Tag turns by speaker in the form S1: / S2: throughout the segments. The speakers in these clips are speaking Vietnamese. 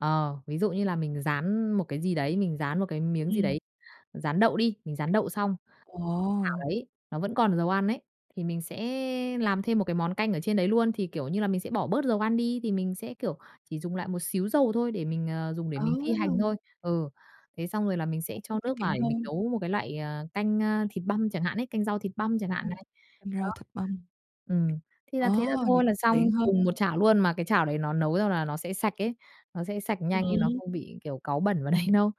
S1: Ờ, ví dụ như là mình rán một cái gì đấy, mình rán một cái miếng gì
S2: Ừm.
S1: đấy, rán đậu đi, mình rán đậu xong. Chảo
S2: Ồ.
S1: đấy, nó vẫn còn dầu ăn ấy, thì mình sẽ làm thêm một cái món canh ở trên đấy luôn, thì, kiểu như là, mình sẽ bỏ bớt dầu ăn đi thì mình sẽ, kiểu, chỉ dùng lại một xíu dầu thôi để mình, ờ, dùng để mình phi hành
S2: Ồ!
S1: thôi. Ừ. Thế xong rồi là mình sẽ
S2: Cũng
S1: cho
S2: tiết
S1: nước
S2: kiệm
S1: vào để mình
S2: hơn.
S1: nấu một cái loại, ờ, canh, ơ, thịt băm chẳng hạn ấy, canh rau thịt băm chẳng hạn
S2: Ừm,
S1: này.
S2: canh
S1: Đó.
S2: rau thịt băm.
S1: Ừm, thì là thế là
S2: Ồ! Vậy
S1: thôi là
S2: tiện
S1: xong,
S2: hơn.
S1: cùng một chảo luôn mà cái chảo đấy nó nấu xong là nó sẽ sạch ấy, nó sẽ sạch nhanh nên nó
S2: Ừm.
S1: không bị, kiểu, cáu bẩn vào đấy đâu.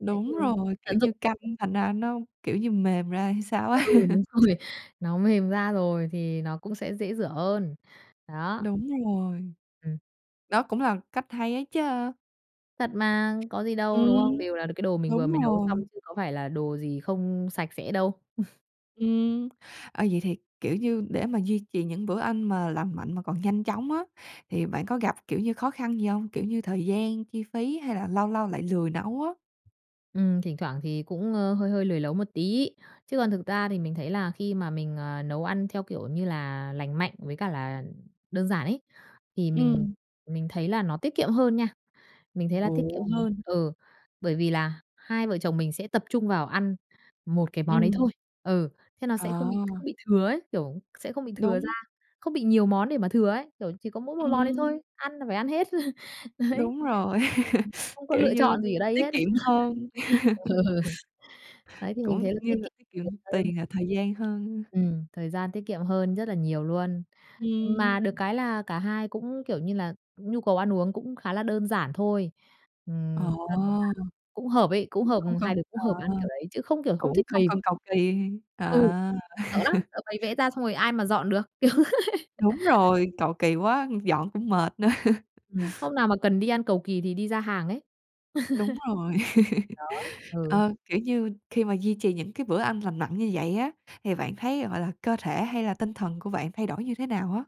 S1: Đấy thì
S2: Đúng rồi, kiểu
S1: tận dụng
S2: như canh thành ra nó, kiểu, như mềm ra hay sao á.
S1: Ừ, đúng rồi, nó mềm ra rồi thì nó cũng sẽ dễ rửa hơn, đó.
S2: Đúng rồi.
S1: Ừm.
S2: Đó cũng là cách hay ấy chứ.
S1: Thật mà, có gì
S2: Ừm,
S1: đâu, đúng hông? Đều là được cái đồ mình vừa
S2: đúng
S1: mới nấu xong
S2: rồi.
S1: chứ có phải là đồ gì không sạch sẽ đâu.
S2: Ừm, ờ, vậy thì, kiểu, như để mà duy trì những bữa ăn mà lành mạnh mà còn nhanh chóng á thì bạn có gặp, kiểu như, khó khăn gì hông? Kiểu như thời gian, chi phí hay là lâu lâu lại lười nấu á?
S1: Ừm, thỉnh thoảng thì cũng, ơ, hơi hơi lười nấu một tí. Chứ còn thực ra thì mình thấy là khi mà mình, ờ, nấu ăn theo kiểu như là lành mạnh với cả là đơn giản ấy thì mình
S2: Ừm.
S1: mình thấy là nó tiết kiệm hơn nha. Mình thấy là
S2: Ồ.
S1: tiết kiệm hơn, ừ, bởi vì là hai vợ chồng mình sẽ tập trung vào ăn một cái món đấy
S2: Ừm.
S1: thôi. Ừ, thế nó sẽ không bị
S2: À.
S1: không bị thừa ấy, kiểu, sẽ không bị thừa ra,
S2: Đúng.
S1: không bị nhiều món để mà thừa ấy, kiểu, chỉ có mỗi một món đấy
S2: Ừm.
S1: thôi, ăn là phải ăn hết. Đấy.
S2: Đúng rồi,
S1: Ừm, không có
S2: kiểu
S1: lựa
S2: như,
S1: chọn gì ở đây
S2: tiết
S1: hết.
S2: kiệm hơn.
S1: Ừ. Đấy thì mình
S2: Cũng
S1: thấy là
S2: như
S1: tiết
S2: là
S1: kiệm
S2: tiết kiệm
S1: nhiều hơn.
S2: tiền và thời gian hơn.
S1: Ừm, thời gian tiết kiệm hơn rất là nhiều luôn.
S2: Ừm.
S1: Mà được cái là cả hai cũng kiểu như là nhu cầu ăn uống cũng khá là đơn giản thôi,
S2: Ồ.
S1: ừm, cho nên là
S2: Cũng
S1: cũng hợp ấy, cũng hợp,
S2: không cần
S1: hai đứa cũng
S2: ờ,
S1: hợp ăn kiểu đấy chứ không kiểu không
S2: cũng
S1: thích
S2: không
S1: bày.
S2: cần cầu kỳ,
S1: Ừ,
S2: ờ.
S1: sợ lắm, sợ bày vẽ ra xong rồi ai mà dọn được, kiểu thế.
S2: Đúng rồi, cầu kỳ quá, ư, dọn cũng mệt nữa.
S1: Ừm, hôm nào mà cần đi ăn cầu kỳ thì đi ra hàng ấy.
S2: Đúng rồi.
S1: Đó, ừ.
S2: Ờ, kiểu như, khi mà duy trì những cái bữa ăn lành mạnh như vậy á, thì bạn thấy, gọi là, cơ thể hay là tinh thần của bạn thay đổi như thế nào á?